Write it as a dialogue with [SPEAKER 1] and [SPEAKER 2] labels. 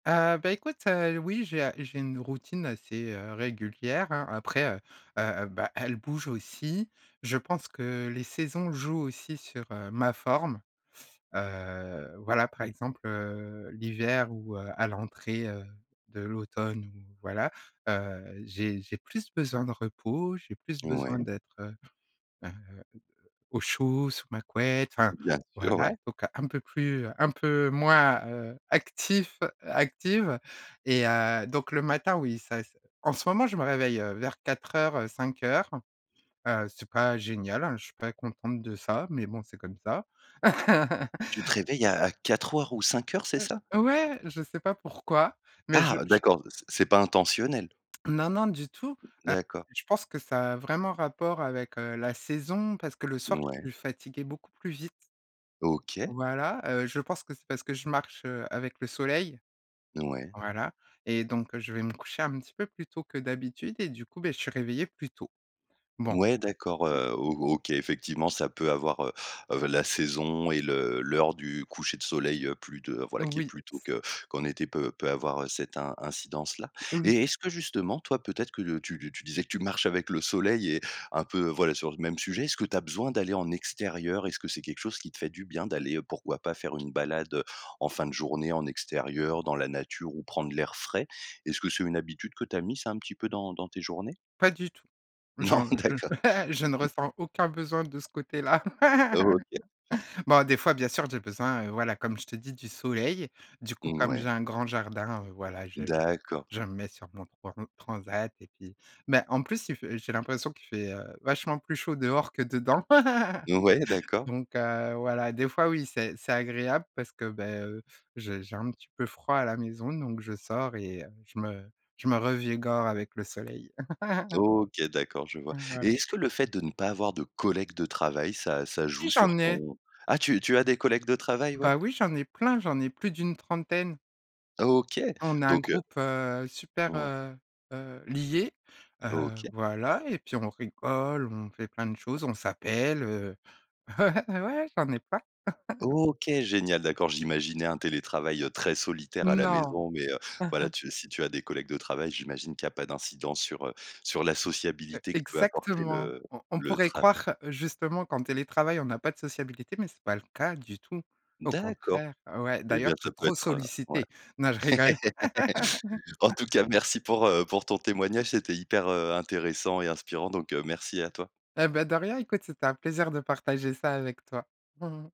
[SPEAKER 1] Heu, bah écoute, heu, oui j'ai, heu, j'ai une routine assez, heu, régulière, hein. Après, heu heu, bah, elle bouge aussi. Je pense que les saisons jouent aussi sur, heu, ma forme. Heu, voilà, par exemple, heu, l'hiver ou heu, à l'entrée heu, de l'automne ou voilà. Heu, j'ai j'ai plus besoin de repos, j'ai plus besoin
[SPEAKER 2] Ouais.
[SPEAKER 1] d'être, heu heu, au au au chaud, sous ma couette, enfin
[SPEAKER 2] Bien sûr,
[SPEAKER 1] voilà.
[SPEAKER 2] ouais.
[SPEAKER 1] Donc un peu plus, heu, un peu moins, heu, actif, heu, active et heu, donc le matin, oui ça c en ce moment je me réveille heu, vers 04:00 heu, 05:00, heu, c'est pas génial, hein, je suis pas contente de ça, mais bon c'est comme ça.
[SPEAKER 2] Tu te réveilles à à 04:00 ou 05:00, c'est
[SPEAKER 1] Heu,
[SPEAKER 2] ça?
[SPEAKER 1] ouais, je sais pas pourquoi mais
[SPEAKER 2] Ah,
[SPEAKER 1] je
[SPEAKER 2] heu,
[SPEAKER 1] je
[SPEAKER 2] d'accord, c'est c'est pas intentionnel?
[SPEAKER 1] Non non du tout.
[SPEAKER 2] D'accord.
[SPEAKER 1] Heu, je pense que ça a vraiment rapport avec, heu, la saison parce que le soir je
[SPEAKER 2] Ouais.
[SPEAKER 1] suis fatiguée beaucoup plus vite
[SPEAKER 2] OK.
[SPEAKER 1] voilà. Heu, je pense que c'est parce que je marche, heu, avec le soleil.
[SPEAKER 2] Ouais.
[SPEAKER 1] Voilà et donc je vais me coucher un petit peu plus tôt que d'habitude et du coup beh, je suis réveillé plus tôt. Bon.
[SPEAKER 2] Ouais d'accord,
[SPEAKER 1] [unintelligible]
[SPEAKER 2] heu, O OK, effectivement ça peut avoir, heu heu, la saison et le l'heure du coucher de soleil, heu, plus de, voilà qui est
[SPEAKER 1] Oui.
[SPEAKER 2] plus tôt
[SPEAKER 1] C
[SPEAKER 2] que qu'en été peut, peut avoir, heu, cette in incidence là
[SPEAKER 1] Oui.
[SPEAKER 2] et est-ce que justement, toi peut-être que, heu, tu tu disais que tu marches avec le soleil et un peu, voilà sur le même sujet, est-ce que tu as besoin d'aller en extérieur? Est-ce que c'est quelque chose qui te fait du bien d'aller, heu, pourquoi pas faire une balade, heu, en fin de journée en extérieur dans la nature, ou prendre l'air frais? Est-ce que c'est une habitude que tu as mise un petit peu dans dans tes journées?
[SPEAKER 1] Pas du tout.
[SPEAKER 2] Non
[SPEAKER 1] J'en, heu, je ne
[SPEAKER 2] d'accord.
[SPEAKER 1] je ne ressens aucun besoin de ce côté là.
[SPEAKER 2] OK.
[SPEAKER 1] Bon des fois bien sûr j'ai besoin, heu, voilà comme je te dis, du soleil, du coup comme j'ai
[SPEAKER 2] Mouais.
[SPEAKER 1] un grand jardin, heu, voilà je je.
[SPEAKER 2] D'accord.
[SPEAKER 1] Je me mets sur mon trans transat et puis mais en plus il fait j'ai l'impression qu'il fait, heu, vachement plus chaud dehors que dedans.
[SPEAKER 2] Ouais, d'accord.
[SPEAKER 1] Donc heu, voilà des fois, oui c'est c'est agréable parce que beh heu, j'ai j'ai un petit peu froid à la maison donc je sors et heu, je me je me revigore avec le soleil.
[SPEAKER 2] OK, d'accord, je vois et
[SPEAKER 1] [unintelligible]
[SPEAKER 2] est-ce que le fait de ne pas avoir de collègues de travail ça, ça
[SPEAKER 1] Si
[SPEAKER 2] joue sur
[SPEAKER 1] j'en ai!
[SPEAKER 2] ton ah tu tu as des collègues de travail, ouais?
[SPEAKER 1] Bah oui j'en ai plein! J'en ai plus d'une trentaine.
[SPEAKER 2] OK,
[SPEAKER 1] On a un
[SPEAKER 2] donc heu
[SPEAKER 1] groupe, heu, super,
[SPEAKER 2] Ouais.
[SPEAKER 1] heu heu, lié. Heu,
[SPEAKER 2] OK.
[SPEAKER 1] voilà et puis on rigole, on fait plein de choses, on s'appelle, heu. Ouais, j'en ai plein.
[SPEAKER 2] OK, génial, d'accord. J'imaginais un télétravail, heu, très solitaire à la
[SPEAKER 1] Non.
[SPEAKER 2] maison mais heu, voilà tu si tu as des collègues de travail, j'imagine qu'il y a pas d'incidence sur, heu, sur la
[SPEAKER 1] Heu,
[SPEAKER 2] sociabilité que peut apporter
[SPEAKER 1] exactement!
[SPEAKER 2] le
[SPEAKER 1] On on
[SPEAKER 2] le
[SPEAKER 1] pourrait
[SPEAKER 2] travail
[SPEAKER 1] croire justement qu'en télétravail on n'a pas de sociabilité, mais c'est pas le cas du tout. Au
[SPEAKER 2] D'accord
[SPEAKER 1] contraire. Ouais,
[SPEAKER 2] et
[SPEAKER 1] d'ailleurs
[SPEAKER 2] bien
[SPEAKER 1] tu
[SPEAKER 2] ça
[SPEAKER 1] es
[SPEAKER 2] peut
[SPEAKER 1] trop
[SPEAKER 2] être, heu ouais.
[SPEAKER 1] sollicité. Non je rigole!
[SPEAKER 2] En tout cas merci pour, heu, pour ton témoignage c'était hyper, heu, intéressant et inspirant donc heu, merci à toi.
[SPEAKER 1] Et ben, de rien écoute, c'était un plaisir de partager ça avec toi.